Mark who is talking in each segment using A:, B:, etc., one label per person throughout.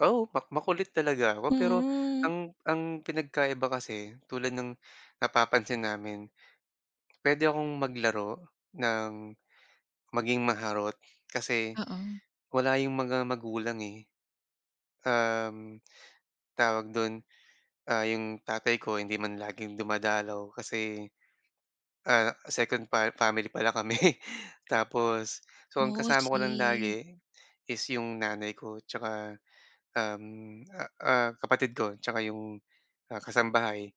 A: Oo, mak makulit talaga ako, pero
B: Hmm.
A: ang ang pinagkaiba kasi tulad ngnapapansin namin, pwede akong maglaro ng, maging maharot, kasi
B: Oo.
A: wala 'yung mga magulang eh. Um, tawag do'n, ah, 'yung tatay ko hindi man laging dumadalaw kasi, ah, second fa family pala kami. Tapos, so ang
B: Oh,
A: kasama ko lang
B: see.
A: lagi is 'yong nanay ko 'tsaka, um, ah, ah, kapatid ko 'tsaka 'yong ah, kasambahay.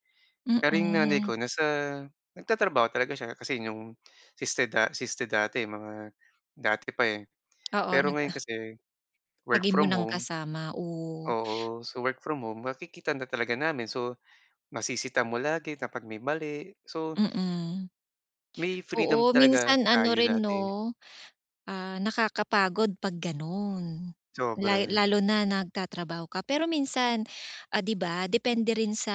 A: Pero 'yung nanay
B: hm.
A: ko nasa nagtatrabaho talaga siya kasi 'yong, siste da siste dati, mga dati pa, eh.
B: Oo,
A: Pero
B: nag
A: ngayon
B: ah
A: kasi work
B: Lagi mo
A: from
B: nang
A: home
B: kasama, oh.
A: Oo. So, work from home makikita na talaga namin. So, masisita mo lagi kapag may mali. So
B: Mhm.
A: may freedom
B: Oo,
A: talaga
B: minsan ano
A: tayo
B: rin,
A: dati.
B: 'no, ah, nakakapagod 'pag gano'n. La
A: Sobra.
B: lalo na nagtatrabaho ka. Pero minsan,'di ba, depende rin sa,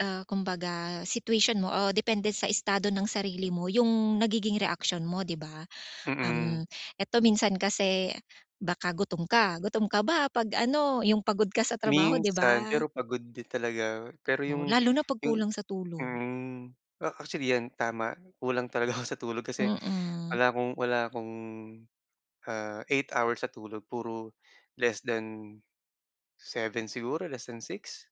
B: ah, kumbaga situation mo o depende sa estado ng sarili mo 'yung nagiging reaksyon mo, 'di ba?
A: Mm.
B: Uhm, eto minsan kasi baka gutom ka. Gutom ka ba 'pag ano, 'yung pagod ka sa trabaho, di
A: Minsan,
B: ba?
A: pero pagod din talaga ako eh. Pero
B: Oo,
A: 'yung,
B: lalo na 'pag
A: 'yung
B: kulang sa tulog.
A: mm. A actually yan, tama. Kulang talaga ako sa tulog kasi
B: Mm.
A: wala akong wala akong, ah, 8 hours sa tulog, puro ;less than 7 siguro less than 6?